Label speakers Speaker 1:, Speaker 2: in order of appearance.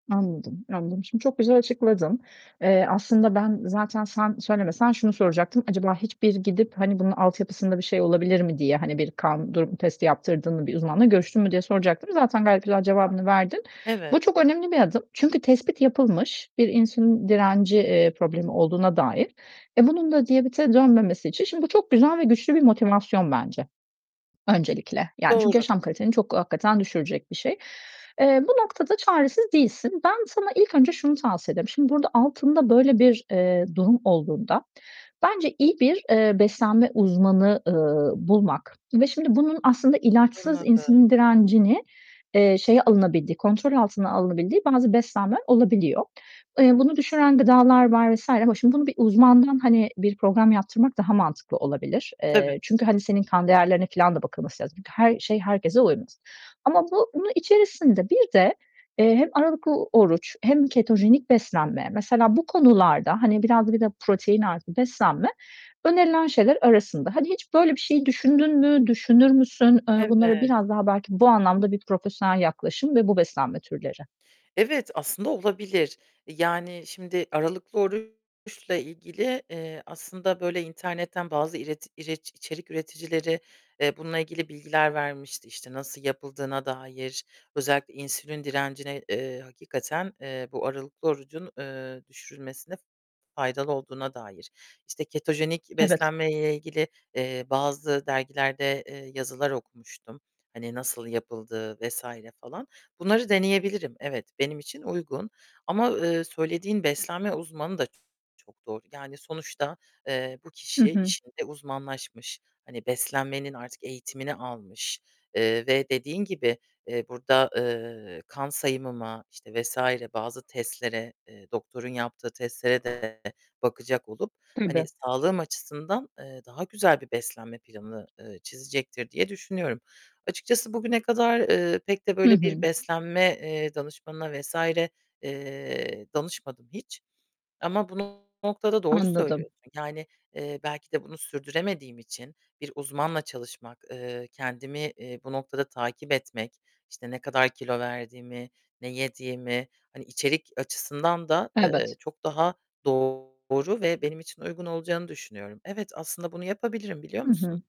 Speaker 1: Anladım. Anladım. Şimdi çok güzel açıkladın. Eee, aslında ben zaten sen söylemesen, şunu soracaktım. Acaba hiçbir gidip, hani bunun altyapısında bir şey olabilir mi diye, hani bir kan durumu testi yaptırdın mı? Bir uzmanla görüştün mü, diye soracaktım. Zaten gayet güzel cevabını verdin. Bu
Speaker 2: Evet.
Speaker 1: çok önemli bir adım. Çünkü tespit yapılmış: Bir insülin direnci, eee, problemi olduğuna dair. E, bunun da diyabete dönmemesi için şimdi bu çok güzel ve güçlü bir motivasyon bence, öncelikle. Yani, çünkü
Speaker 2: Doğru.
Speaker 1: yaşam kaliteni çok, hakikaten düşürecek bir şey. Eee, bu noktada çaresiz değilsin. Ben sana, ilk önce şunu tavsiye ederim. Şimdi burada altında böyle bir, eee, durum olduğunda bence iyi bir, eee, beslenme uzmanı, ııı, bulmak ve şimdi bunun aslında ilaçsız
Speaker 2: Anladım.
Speaker 1: insülin direncini, eee, şeye alınabildiği, kontrol altına alınabildiği bazı beslenmeler olabiliyor. Eee, bunu düşüren gıdalar var vs. ama şimdi bunu bir uzmandan hani bir program yaptırmak daha mantıklı olabilir.
Speaker 2: Tabii.
Speaker 1: Çünkü, hani, senin kan değerlerine filan da bakılması lazım. Her şey herkese uymaz. Ama bu bunun içerisinde bir de hem aralıklı oruç, hem ketojenik beslenme, mesela bu konularda, hani, biraz da bir de protein artı beslenme önerilen şeyler arasında. Hani, hiç böyle bir şeyi düşündün mü, düşünür müsün? Bunlara
Speaker 2: Evet.
Speaker 1: biraz daha belki, bu anlamda bir profesyonel yaklaşım ve bu beslenme türleri.
Speaker 2: Evet, aslında olabilir. Yani, şimdi, aralıklı oruçla ilgili, eee, aslında böyle internetten bazı ireti ireçi içerik üreticileri, eee, bununla ilgili bilgiler vermişti; işte nasıl yapıldığına dair, özellikle insülin direncine, eee, hakikaten, eee, bu aralıklı orucun, eee, düşürülmesine faydalı olduğuna dair. İşte ketojenik
Speaker 1: Evet.
Speaker 2: beslenmeyle ilgili, eee, bazı dergilerde, eee, yazılar okumuştum, hani nasıl yapıldığı vs. falan. Bunları deneyebilirim. Evet, benim için uygun ama, eee, söylediğin beslenme uzmanı da çok doğru; yani sonuçta, eee, bu
Speaker 1: Hı
Speaker 2: kişi
Speaker 1: hı.
Speaker 2: işinde uzmanlaşmış, hani beslenmenin artık eğitimini almış, eee, ve dediğin gibi, eee, burada, eee, kan sayımıma, işte vs. bazı testlere, eee, doktorun yaptığı testlere de bakacak olup hani
Speaker 1: Tabii.
Speaker 2: sağlığım açısından, eee, daha güzel bir beslenme planı, eee, çizecektir, diye düşünüyorum. Açıkçası bugüne kadar, eee, pek de
Speaker 1: Hı
Speaker 2: böyle bir
Speaker 1: hı.
Speaker 2: beslenme, eee, danışmanına vs. eee, danışmadım hiç. Ama bunu, bu noktada doğru
Speaker 1: Anladım.
Speaker 2: söylüyorsun. Yani, eee, belki de bunu sürdüremediğim için, bir uzmanla çalışmak, eee, kendimi, iii, bu noktada takip etmek, işte ne kadar kilo verdiğimi, ne yediğimi, hani içerik açısından da, eee,
Speaker 1: Evet.
Speaker 2: çok daha doğru ve benim için uygun olacağını düşünüyorum. Evet, aslında bunu yapabilirim, biliyor
Speaker 1: Hı
Speaker 2: musun?
Speaker 1: hı.